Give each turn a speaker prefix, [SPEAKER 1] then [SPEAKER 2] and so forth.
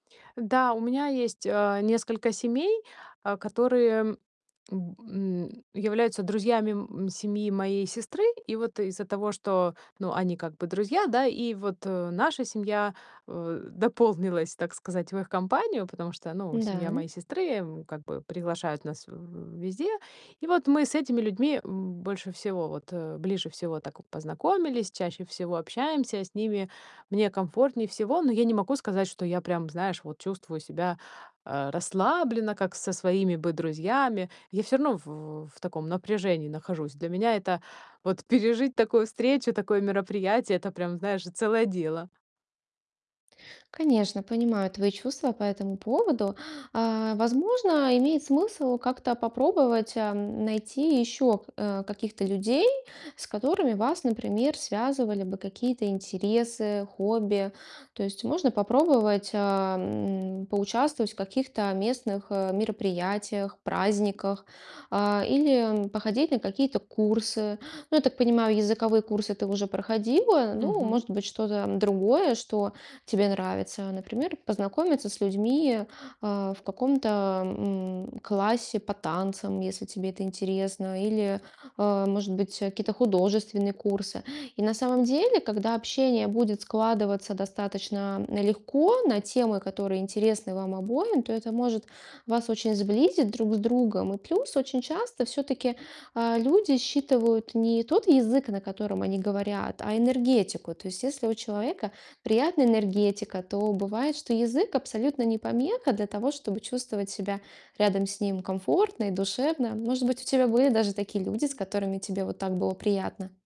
[SPEAKER 1] Да, у меня есть, э, несколько семей, а, которые, м, н м, являются друзьями, м, семьи моей сестры. И вот из-за того, что, ну, они как бы друзья, да, и вот наша семья, э, дополнилась, так сказать, в их компанию, потому что, ну, семья
[SPEAKER 2] Да.
[SPEAKER 1] моей сестры, м, как бы приглашают нас в в везде. И вот мы с этими людьми, м, больше всего вот, э, ближе всего так познакомились, чаще всего общаемся. С ними мне комфортнее всего, но я не могу сказать, что я прям, знаешь, вот чувствую себя, э, расслабленно, как со своими бы друзьями. Я всё равно в в в таком напряжении нахожусь. Для меня это, вот пережить такую встречу, такое мероприятие- это прям, знаешь, целое дело.
[SPEAKER 2] Конечно, понимаю твои чувства по этому поводу. А, возможно, имеет смысл как-то попробовать, эм, найти ещё к э, каких-то людей, с которыми вас, например, связывали бы какие-то интересы, хобби. То есть можно попробовать, эм, поучаствовать в каких-то местных, э, мероприятиях, праздниках, а, или походить на какие-то курсы. Ну, я так понимаю, языковые курсы ты уже проходила, ну,
[SPEAKER 1] Мгм.
[SPEAKER 2] может быть, что-то другое, что тебе нравится. Например, познакомиться с людьми, э, в каком-то, м, классе по танцам, если тебе это интересно, или, э, может быть, э, какие-то художественные курсы. И на самом деле, когда общение будет складываться достаточно легко на темы, которые интересны вам обоим, то это может вас очень сблизить друг с другом. И плюс очень часто всё-таки, а, люди считывают не тот язык, на котором они говорят, а энергетику. То есть если у человека приятная энергетика, то бывает, что язык абсолютно не помеха для того, чтобы чувствовать себя рядом с ним комфортно и душевно. Может быть, у тебя были даже такие люди, с которыми тебе вот так было приятно.